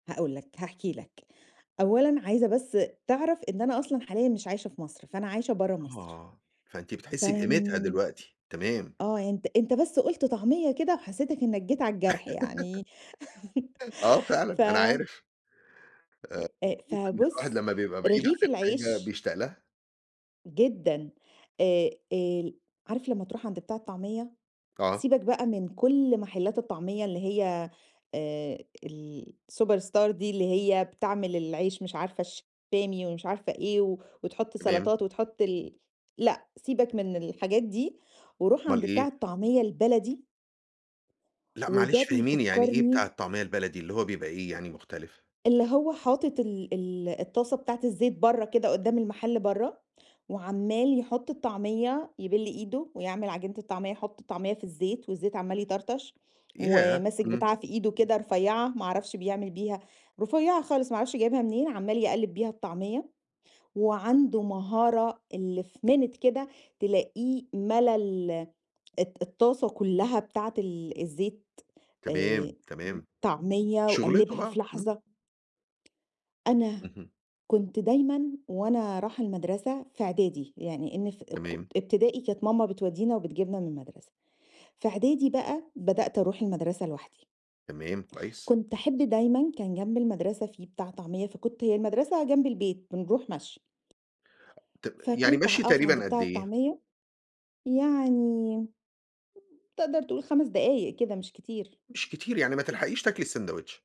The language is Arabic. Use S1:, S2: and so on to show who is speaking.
S1: هاقول لك هاحكي لك، أولًا عايزة بس تعرف إن أنا أصلًا حاليًا مش عايشة في مصر، فأنا عايشة برّا مصر،
S2: آه، فأنتِ بتحسّي
S1: فر
S2: بقيمتها
S1: منين
S2: دلوقتي. تمام.
S1: آه، يعني أنت، أنت بس قُلت طعمية كده وحسّيتك إنّك جيت على الجرح يعني
S2: آه
S1: ف
S2: فعلًا أنا عارف،
S1: أ
S2: آآ،
S1: أ
S2: بنشوف إن الواحد
S1: فبُص،
S2: لمّا بيبقى بعيد
S1: رغيف
S2: عن الحاجة
S1: العيش
S2: بيشتاق لها.
S1: جدًا، آآ، ال عارف لمّا تروح عند بتاع الطعمية
S2: آه.
S1: سِيبك بقى من كل محلات الطعمية اللي هي آآ، الsuperstar دي اللي هي بتعمل العيش مش عارفة الشامي ومش عارفة إيه، و وتحط
S2: تمام.
S1: سَلطات وتحط ال لأ، سِيبك من الحاجات دي وروح
S2: أُمال
S1: عند بتاع
S2: إيه؟
S1: الطعمية البلدي
S2: لأ، معلش
S1: وده
S2: فهّميني يعني إيه بتاع
S1: بيفكّرني
S2: الطعمية البلدي، اللي هو بيبقى إيه يعني مختلف؟
S1: اللي هو حاطط ال ال الطاسة بتاعة الزيت برّا كده قدّام المحل برّا، وعَمّال يحط الطعمية، يِبِل إيده ويعمل عجينة الطعمية، يحط الطعمية في الزيت، والزيت عَمّال يطرطش،
S2: ياه!
S1: وماسك
S2: إمم.
S1: بتاعة في إيده كده رفيّعة ما أعرفش بيعمل بيها رفيّعة خالص ما أعرفش جايبها منين عَمّال يقلّب بيها الطعمية، وعنده مهارة اللي في minute كده تلاقيه مَلا ال الت الطاسة كلّها بتاعة ال الزيت
S2: تمام،
S1: آآ،
S2: تمام.
S1: طعمية
S2: شُغلته
S1: وقلّبها
S2: بقى،
S1: في
S2: إمم.
S1: لحظة أنا
S2: اهم.
S1: كنت دايمًا وأنا راحة المدرسة في إعدادي يعني إن في أ
S2: تمام.
S1: ك إبتدائي كانت ماما بتودّينا وبتجيبنا من المدرسة، في إعدادي بقى بدأت أروح المدرسة لوحدي.
S2: تمام، كويس.
S1: كنت أحب دايمًا كان جنب المدرسة في بتاع طعمية فكنت هي المدرسة جنب البيت بنروح مشي.
S2: طَ يعني
S1: فكنت ع
S2: مشي
S1: أقف عند
S2: تقريبًا قد
S1: بتاع
S2: إيه؟
S1: الطعمية يعني تقدر تقول 5 دقايق كده مش كتير.
S2: مش كتير، يعني ما تلحقيش تاكلي الساندويتش.